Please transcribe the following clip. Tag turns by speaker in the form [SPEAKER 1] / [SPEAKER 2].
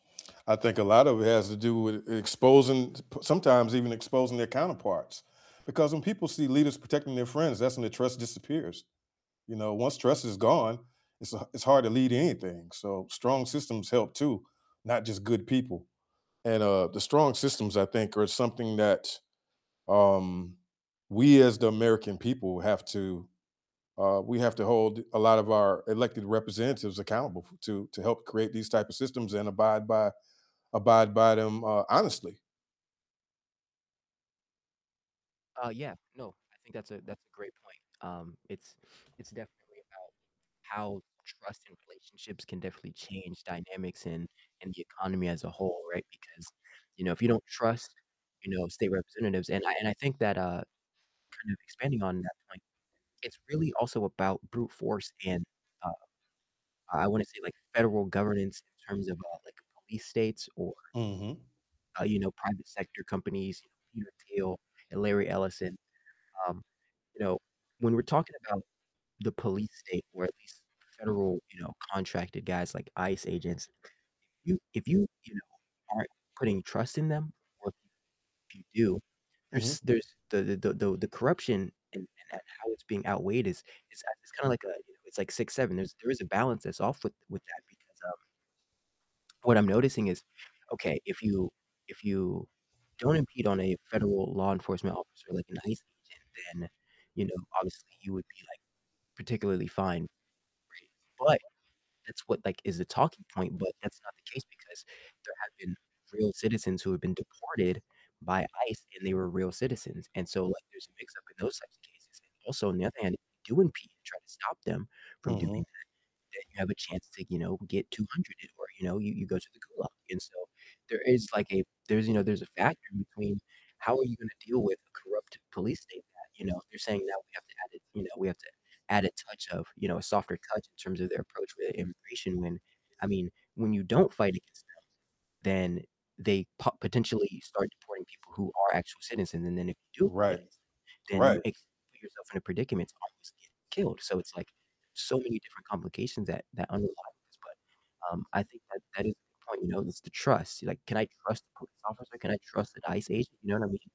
[SPEAKER 1] I think a lotta it has to do with e exposing p sometimes even exposing their counterparts, because when people see leaders protecting their friends, that's when the trust disappears. You know, once trust is gone, it's h it's hard to lead anything, so strong systems help too, not just good people. And, uh, the strong systems I think are something that, um, we as the American people have to, uh, we have to hold a lot of our elected representatives accountable f to to help create these type of systems and abide by abide by them, uh, honestly.
[SPEAKER 2] Uh, yeah, no, I think that's a that's a great point, um, it's it's definitely about how trust in relationships can definitely change dynamics in in the economy as a whole, right? Because, you know, if you don't trust, you know, state representatives and I and I think that, uh, kind of expanding on that point, it's really also about brute force and, uh, I I wanna say, like, federal governance in terms of, uh, like police states or
[SPEAKER 1] Mhm.
[SPEAKER 2] uh, you know, private sector companies, you know, Peter Thiel and Larry Ellison, um, you know, when we're talking about the police state or at least federal, you know, contracted guys like ICE agents, you if you, you know, aren't putting trust in them or [unintelligible] you do,
[SPEAKER 1] Mhm.
[SPEAKER 2] there's there's the the the the the corruption and and how it's being outweighed is is, uh it's kinda like a, you know, it's like six-seven, there's there is a balance that's off with with that because, um what I'm noticing is, okay, if you if you don't impede on a federal law enforcement officer like an ICE agent, then, you know, obviously you would be, like, particularly fine, right? But that's what like is the talking point, but that's not the case because there have been real citizens who have been deported by ICE, and they were real citizens, and so, like, there's a mix-up in those types of cases, and also on the other hand, if you do impede and try to stop them from doing
[SPEAKER 1] Mhm.
[SPEAKER 2] that, then you have a chance to, you know, get 200'd or, you know, you you go to the gulag, and so, there is, like, a there's, you know, there's a factor between how are you gonna deal with a corrupt police state that, you know, they're saying now we have to add a you know, we have to add a touch of, you know, a softer touch in terms of their approach with immigration when, I mean, when you don't fight against them, then they po potentially start deporting people who are actual citizens, and then, if you do fight
[SPEAKER 1] Right.
[SPEAKER 2] against them, then you
[SPEAKER 1] Right.
[SPEAKER 2] ex put yourself in a predicament to almost get killed, so, it's, like, so many different complications that that underlie this, but, um, I think that that is the point, you know, is the trust. Like, can I trust the police officer? Can I trust an ICE agent? You know what I mean?